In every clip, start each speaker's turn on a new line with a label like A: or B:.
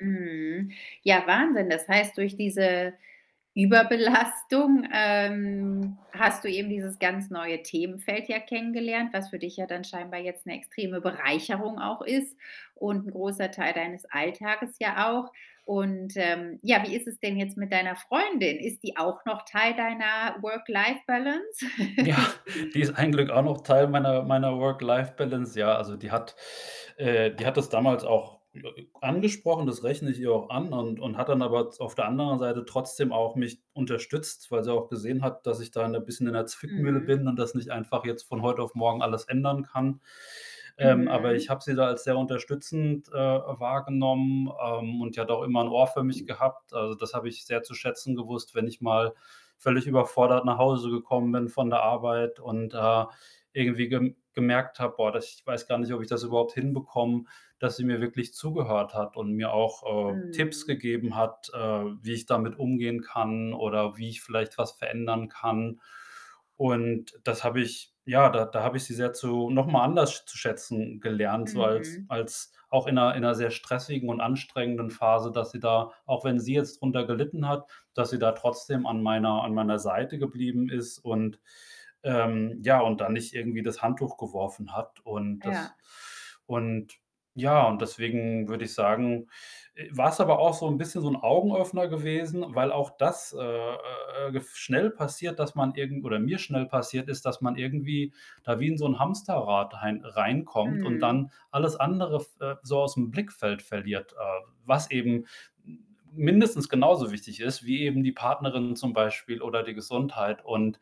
A: Mhm. Ja, Wahnsinn. Das heißt, durch diese Überbelastung, ähm, hast du eben dieses ganz neue Themenfeld ja kennengelernt, was für dich ja dann scheinbar jetzt 'ne extreme Bereicherung auch ist und 'n großer Teil deines Alltages ja auch. Und, ähm, ja, wie ist es denn jetzt mit deiner Freundin? Ist die auch noch Teil deiner Work-Life-Balance?
B: Ja, die ist ein Glück auch noch Teil meiner meiner Work-Life-Balance. Ja, also die hat äh, die hat das damals auch [unintelligible] angesprochen, das rechne ich ihr auch an und und hat dann aber Z auf der anderen Seite trotzdem auch mich unterstützt, weil sie auch gesehen hat, dass ich da, ne, bisschen in der Zwickmühle
A: Mhm.
B: bin und das nicht einfach jetzt von heut auf morgen alles ändern kann. Ähm, aber ich
A: Mhm.
B: habe sie da als sehr unterstützend, äh, wahrgenommen, ähm, und die hat auch immer 'n Ohr für mich gehabt. Also, das habe ich sehr zu schätzen gewusst, wenn ich mal völlig überfordert nach Hause gekommen bin von der Arbeit und da irgendwie gem gemerkt habe: „Boah, das ich weiß gar nicht, ob ich das überhaupt hinbekomme“, dass sie mir wirklich zugehört hat und mir auch, äh, Tipps
A: Mhm.
B: gegeben hat, äh, wie ich damit umgehen kann oder wie ich vielleicht was verändern kann und das habe ich ja, da da habe ich sie sehr zu noch mal anders sch zu schätzen gelernt, so als
A: Mhm.
B: als auch in 'ner in 'ner sehr stressigen und anstrengenden Phase, dass sie da auch wenn sie jetzt drunter gelitten hat, dass sie da trotzdem an meiner an meiner Seite geblieben ist und ähm, ja, und dann nicht irgendwie das Handtuch geworfen hat und das
A: Ja.
B: und, ja und deswegen würde ich sagen, äh, war's aber auch so 'n bisschen so 'n Augenöffner gewesen, weil auch das, äh, äh, äh, gef schnell passiert, dass man irgend oder mir schnell passiert ist, dass man irgendwie da wie in so 'n Hamsterrad hein reinkommt und
A: Mhm.
B: dann alles andere f äh, so aus'm Blickfeld verliert, äh, w was eben m mindestens genauso wichtig ist, wie eben die Partnerin zum Beispiel oder die Gesundheit und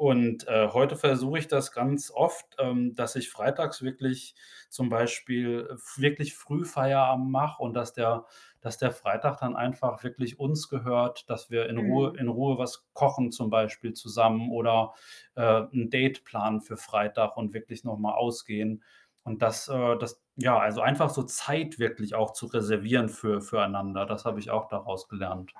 B: und, äh, heute versuche ich das ganz oft, ähm, dass ich freitags wirklich zum Beispiel f wirklich früh Feierabend mache und, dass der dass der Freitag dann einfach wirklich uns gehört, dass wir in Ruhe
A: Mhm.
B: in Ruhe was kochen zum Beispiel zusammen oder, äh, 'n Date planen für Freitag und wirklich noch mal ausgehen und, dass, äh, das ja, also einfach so Zeit wirklich auch zu reservieren für füreinander, das habe ich auch daraus gelernt.